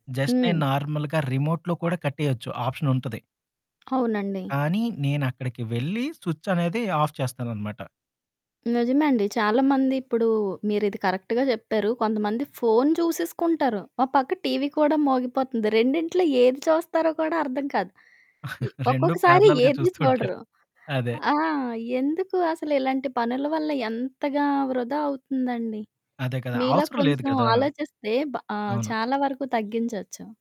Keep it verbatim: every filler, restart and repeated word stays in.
Just నేను హ్మ్. నార్మల్‌గా రిమోట్‌లో కూడా కట్టేయొచ్చు ఆప్షనుంటది. అవునండి. కానీ నేనక్కడికి వెళ్లి సుచ్చనేది ఆఫ్ చేస్తాననమాట. నిజమే అండి. చాలామంది ఇప్పుడు మీరిది కరెక్ట్‌గా చెప్పారు. కొంతమంది ఫోను చూసేసుకుంటారు, ఓ పక్క టీవీ కూడా మోగిపోతుంది రెండింట్లో ఏది చూస్తారో కూడా అర్థం కాదు. ఇ రెండు ఒక్కొక్కసారి పారలెల్‌గా ఏది చూస్తూ ఉంటారు. చూడరు. అదే. ఆ! ఎందుకు అసలు ఇలాంటి పనుల వల్ల ఎంతగా వృధా అవుతుందండి, అదే కదా, మీలా అవసరం లేదు కొంచెం గదా! ఆలోచిస్తే బ్ ఆహ్, అవును. చాలా వరకు తగ్గించొచ్చు.